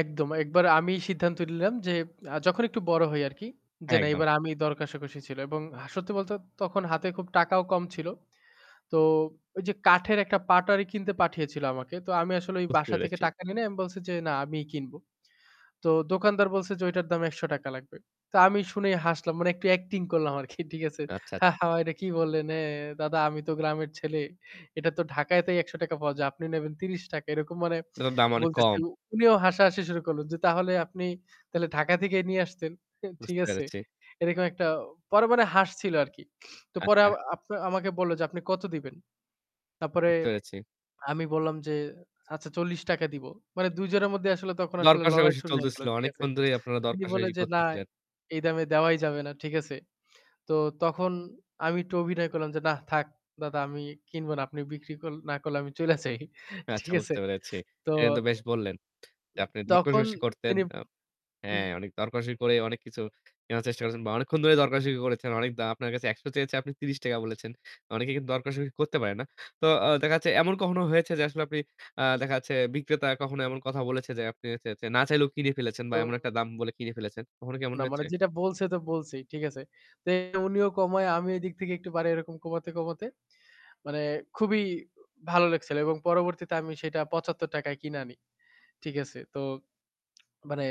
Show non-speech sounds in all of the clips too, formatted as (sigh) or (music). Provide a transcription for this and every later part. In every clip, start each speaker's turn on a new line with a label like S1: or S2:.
S1: একদম, একবার আমি সিদ্ধান্ত নিলাম যে আ যখন একটু বড় হই আরকি, যে না
S2: একদম।
S1: এবার আমি দরকষাকষি ছিল এবং সত্যি বলতে তখন হাতে খুব টাকাও কম ছিল। তো ওই যে কাঠের একটা পাটারি কিনতে পাঠিয়েছিল আমাকে। তো আমি আসলে ওই
S2: বুঝতে
S1: বাসা থেকে
S2: পেরেছি।
S1: টাকা নেই নাই, আমি বলছি যে না আমিই কিনব। তো দোকানদার বলছে যে ওইটার দাম ৳১০০ লাগবে। তো আমি শুনেই হাসলাম। মানে একটু অ্যাক্টিং করলাম আরকি ঠিক আছে?
S2: আচ্ছা, আছ
S1: "হা, হা, এটা কি বললেন এ দাদা আমি তো গ্রামের ছেলে। এটা তো ঢাকায়তেই ৳১০০ পাওয়া যায়। আপনি নেবেন ৳৩০।" এরকম মানে
S2: এটা তো দাম অনেক
S1: বলতেছি।
S2: কম।
S1: উনিও হাসাহাসি শুরু করলেন যে তাহলে আপনি তাহলে ঢাকা থেকে নিয়ে আসতেন। অ্যা ঠিক
S2: বুঝতে
S1: আছে?
S2: পেরেছি।
S1: এরকম একটা পরে মনে হাসছিল আরকি। তো পরে
S2: আচ্ছা।
S1: আব আপ আমাকে বলল যে, "আপনি কত দিবেন?" তারপরে
S2: বুঝতে পেরেছি।
S1: আমি বললাম যে, "আচ্ছা ৳৪০ দিবো।" মানে ২ জনের মধ্যে আসলে তখন আসলে লড়াই
S2: দরকষাকষি
S1: শুরু হয়ে গেল।
S2: চলতেছিল।
S1: ঠিক আছে?
S2: অনেকক্ষণ ধরেই আপনারা
S1: তিনি বললেন
S2: দরকষাকষি
S1: যে, "না
S2: করতেছিলেন।
S1: এই দামে দেওয়াই যাবে না।" ঠিক আছে? তো তখন আমি একটু অভিনয় করলাম যে, "না থাক দাদা আমি কিনব না। আপনি বিক্রি কল না করলে আমি চইলা যাই।"
S2: আচ্ছা
S1: ঠিক আছে?
S2: বুঝতে পেরেছি।
S1: তো
S2: এ কিন্তু বেশ বললেন যে
S1: উম
S2: আপনি
S1: তখন
S2: দরকষাকষি করতেন।
S1: তিনি
S2: আ হ্যাঁ,
S1: (unintelligible)
S2: অনেক দরকারী করে অনেক কিছু কেনার চেষ্টা করেছেন বা অনেকক্ষণ ধরে দরকষাকষি করেছেন। অনেক দা আপনার কাছে ৳১০০ চেয়েছে আপনি ৳৩০ বলেছেন। অনেকে কিন্তু দরকষাকষি করতে পারে না। তো আ দেখা যাচ্ছে এমন কখনো হয়েছে যে আসলে আপনি আ দেখা যাচ্ছে বিক্রেতা কখনো এমন কথা বলেছে যে আপনি চ্যা চ্যা না চাইলেও কিনে ফেলেছেন বা
S1: তো
S2: এমন একটা দাম বলে কিনে ফেলেছেন। কখনো কি এমন
S1: না, মানে
S2: হয়েছে?
S1: যেটা বলছে তো বলছেই ঠিক আছে। তো উনিও কমায় আমি এদিক থেকে একটু বারাই এরকম কমাতে, কমাতে মানে খুবই ভালো লেগেছিল এবং পরবর্তীতে আমি সেটা ৳৭৫ য় কিনে আনি। ঠিক আছে? তো মানে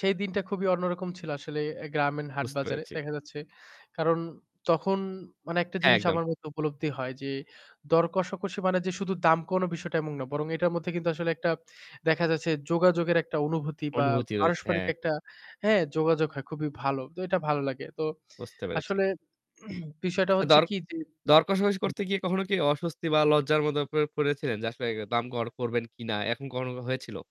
S1: সেই দিনটা খুবই অন্যরকম ছিল আসলে অ্যা গ্রামীণ হাট
S2: বুঝতে
S1: বাজারে
S2: পেরেছি।
S1: দেখা যাচ্ছে। কারণ তখন মানে একটা
S2: হ্যাঁ,
S1: জিনিস
S2: একদম।
S1: আমার মধ্যে উপলব্ধি হয় যে, দর কষাকষি মানে যে শুধু দাম কমানো বিষয়টা এমন না। বরং এটার মধ্যে কিন্তু আসলে একটা দেখা যাচ্ছে যোগাযোগের একটা অনুভূতি বা
S2: অনুভূতি হয়েছে,
S1: পারস্পরিক
S2: হ্যাঁ।
S1: একটা হ্যাঁ, যোগাযোগ হয় খুবই ভালো। তো এটা ভালো লাগে। তো
S2: বুঝতে পেরেছি।
S1: আসলে (clears throat) বিষয়টা
S2: আচ্ছা
S1: হচ্ছে
S2: দর
S1: কি যে
S2: দরকষাকষি
S1: হু, হুম।
S2: করতে গিয়ে কখনো কি অস্বস্তি বা লজ্জার মধ্যে পরে পরেছেন, যে আসলে দাম কর করবেন কিনা? এখন কখনো কি হয়েছিল?